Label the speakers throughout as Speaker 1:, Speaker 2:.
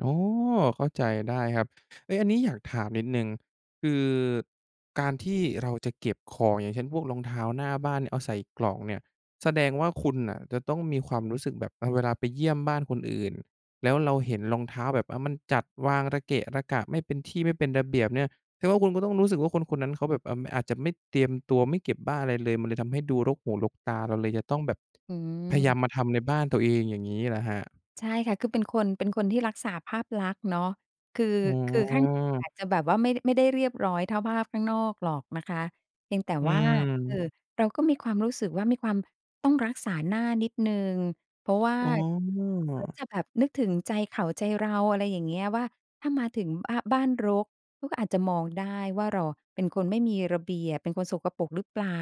Speaker 1: อ๋อ เข้าใจได้ครับ เอ๊ะ อันนี้อยากถามนิดหนึ่ง คือการที่เราจะเก็บของ อย่างเช่น พวกรองเท้าหน้าบ้าน น เอาใส่กล่องเนี่ย แสดงว่าคุณน่ะจะต้องมีความรู้สึกแบบ เออ เวลาไปเยี่ยมบ้านคนอื่น แล้วเราเห็นรองเท้าแบบ อา มันจัดวางระเกะระกะ ไม่เป็นที่ ไม่เป็นระเบียบเนี่ย แสดงว่าคุณก็ต้องรู้สึกว่าคน ๆ นั้นเขาแบบ เอ่อ อาจจะไม่เตรียมตัว ไม่เก็บบ้าอะไรเลย มันเลยทำให้ดูรกหูรกตา เราเลยจะต้องแบบ
Speaker 2: อื
Speaker 1: พะยา
Speaker 2: ม
Speaker 1: ม มาทำในบ้านตัวเอง อย่างงี้เหรอครับ?
Speaker 2: ใช่ค่ะ คือเป็นคน เป็นคนที่รักษาภาพลักษณ์เนาะ คือ
Speaker 1: อ๋
Speaker 2: คือข้างใน
Speaker 1: อ
Speaker 2: อาจจะแบบว่าไม่ ไม่ได้เรียบร้อยเท่าภาพข้างนอกหรอกนะคะ เพียงแต่
Speaker 1: อื
Speaker 2: ว่า เอ่
Speaker 1: ม
Speaker 2: อ เราก็มีความรู้สึกว่ามีความต้องรักษาหน้านิดหนึ่ง เพราะว่า
Speaker 1: อ๋
Speaker 2: ก็
Speaker 1: อ
Speaker 2: จะแบบนึกถึงใจเขาใจเรา อะไรอย่างเงี้ย ว่าถ้ามาถึง อา บ้านรก เขาก็อาจจะมองได้ว่าเราอะเป็นคนไม่มีระเบียบ เป็นคนสกปรกหรือเปล่า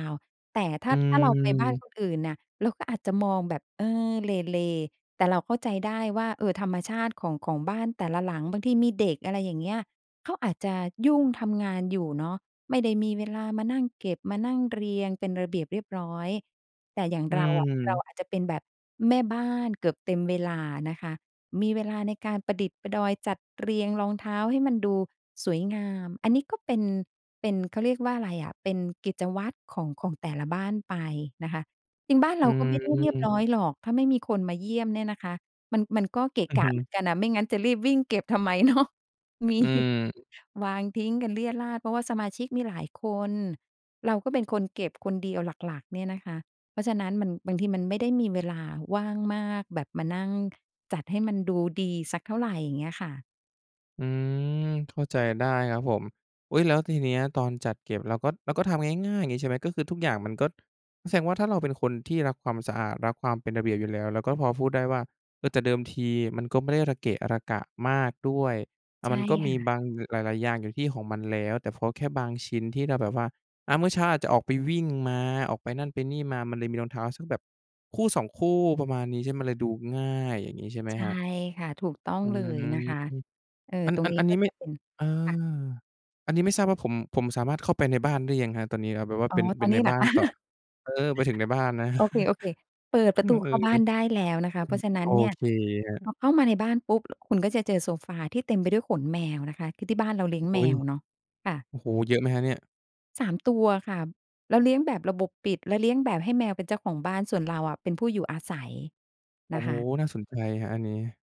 Speaker 2: แต่ ถ
Speaker 1: อ
Speaker 2: ้า ถ้าเราไปบ้าน
Speaker 1: ืม
Speaker 2: คนอื่นน่ะ เราก็อาจจะมองแบบ เออ เหล่ ๆ แต่เราเข้าใจได้ว่า เออ ธรรมชาติ ของ ของบ้านแต่ละหลัง บางทีมีเด็ก อะไรอย่างเงี้ย เขาอาจจะยุ่งทำงานอยู่เนาะ ไม่ได้มีเวลามานั่งเก็บ มานั่งเรียงเป็นระเบียบเรียบร้อย แต่อย่าง
Speaker 1: อ
Speaker 2: เราอะ เรา
Speaker 1: ืม
Speaker 2: อาจจะเป็นแบบแม่บ้านเกือบเต็มเวลานะคะ มีเวลาในการประดิดประดอย จัดเรียงรองเท้าให้มันดูสวยงาม อันนี้ก็เป็น เป็น เขาเรียกว่าอะไรอะ เป็นกิจวัตรของ ของแต่ละบ้านไปนะคะ จริงบ้าน
Speaker 1: อ
Speaker 2: เ
Speaker 1: ื
Speaker 2: รา
Speaker 1: อ
Speaker 2: ก็ไม่ได้เรีย
Speaker 1: อื
Speaker 2: บร
Speaker 1: ม
Speaker 2: ้อยหรอก ถ้าไม่มีคนมาเยี่ยมเนี่ยนะคะ มัน มันก็เกะ
Speaker 1: อือ
Speaker 2: ก
Speaker 1: ฮ
Speaker 2: ะ
Speaker 1: ึ
Speaker 2: เหมือนกันอะ ไม่งั้นจะรีบวิ่งเก็บทำไม เนาะ มี
Speaker 1: อืม
Speaker 2: วางทิ้งกันเรี่ยดราด เพราะว่าสมาชิกมีหลายคน เราก็เป็นคนเก็บคนเดียวหลัก ๆ เนี่ยนะคะ เพราะฉะนั้นมัน บางทีมันไม่ได้มีเวลาว่างมากแบบมานั่งจัดให้มันดูดีสักเท่าไร อย่างเงี้ยค่ะ
Speaker 1: อืม เข้าใจได้ครับผม อุ๊ย แล้วทีเนี้ยตอนจัดเก็บ เราก็ เราก็ทำง่าย ๆ อย่างงี้ใช่ไหม ก็คือทุกอย่างมันก็ แสดงว่าถ้าเราเป็นคนที่รักความสะอาด รักความเป็นระเบียบอยู่แล้ว เราก็พอพูดได้ว่า เออ แต่เดิมทีมันก็ไม่ได้ระเกะระกะมากด้วย อา
Speaker 2: ใช
Speaker 1: ม
Speaker 2: ่
Speaker 1: ันก็
Speaker 2: ค
Speaker 1: มี
Speaker 2: ่ะ
Speaker 1: บาง อ หลาย ๆ อย่างอยู่ที่ของมันแล้ว แต่พอแค่บางชิ้นที่เราแบบว่า อา เมื่อเช้าอาจจะออกไปวิ่งมา ออกไปนั่นไปนี่มา มันเลยมีรองเท้าสักแบบคู่ 2 คู่ ประมาณนี้ใช่ไหม มันเลยดูง่าย อย่างนี้ใช่ไหม
Speaker 2: ใช
Speaker 1: ค
Speaker 2: ่
Speaker 1: รับ?
Speaker 2: ค่ะ ถูกต้อง
Speaker 1: อื
Speaker 2: เลย
Speaker 1: ม
Speaker 2: นะคะ เอ่อ
Speaker 1: อัน
Speaker 2: ตร
Speaker 1: อ
Speaker 2: ง
Speaker 1: ัน
Speaker 2: นี้
Speaker 1: อัน
Speaker 2: ก
Speaker 1: น
Speaker 2: ็
Speaker 1: ี้ไม
Speaker 2: จ
Speaker 1: ่
Speaker 2: ะเป็น
Speaker 1: อา
Speaker 2: ค่ะ
Speaker 1: อันนี้ไม่ทราบว่า ผม ผมสามารถเข้าไปในบ้านได้ยังครับตอนนี้ อา แบบว่า
Speaker 2: อ
Speaker 1: เ
Speaker 2: ๋
Speaker 1: ป
Speaker 2: อ
Speaker 1: ็น เ
Speaker 2: ต
Speaker 1: ป
Speaker 2: อ
Speaker 1: ็
Speaker 2: น
Speaker 1: น
Speaker 2: น
Speaker 1: ใน
Speaker 2: ี้เห
Speaker 1: บ
Speaker 2: ร
Speaker 1: ้
Speaker 2: อ
Speaker 1: า
Speaker 2: ค
Speaker 1: น
Speaker 2: ะ?
Speaker 1: ต่อ เออ ไปถึงในบ้านนะ
Speaker 2: โอเค ๆ เปิดป
Speaker 1: อ
Speaker 2: ร
Speaker 1: ื
Speaker 2: ะต
Speaker 1: อ
Speaker 2: ู
Speaker 1: อ
Speaker 2: เ
Speaker 1: ื
Speaker 2: ข้า
Speaker 1: ม
Speaker 2: บ้านได้แล้วนะคะ เพราะฉะนั้
Speaker 1: โอ
Speaker 2: นเนี่ย
Speaker 1: เคครับ
Speaker 2: พอเข้ามาในบ้านปุ๊บคุณก็จะเจอโซฟาที่เต็มไปด้วยขนแมวนะคะ คือที่บ้านเราเลี้ยง
Speaker 1: อ
Speaker 2: แ
Speaker 1: ุ
Speaker 2: ม
Speaker 1: ๊ย
Speaker 2: วเนาะ ค่ะ
Speaker 1: โอ้โฮ เยอะไหมครับเนี่ย?
Speaker 2: 3 ตัวค่ะ เราเลี้ยงแบบระบบปิด แล้วเลี้ยงแบบให้แมวเป็นเจ้าของบ้าน ส่วนเราอะเป็นผู้อยู่อาศัย
Speaker 1: โอ
Speaker 2: น
Speaker 1: ้
Speaker 2: ะ
Speaker 1: โ
Speaker 2: ค
Speaker 1: ฮ
Speaker 2: ะ
Speaker 1: น่าสนใจครับอันนี้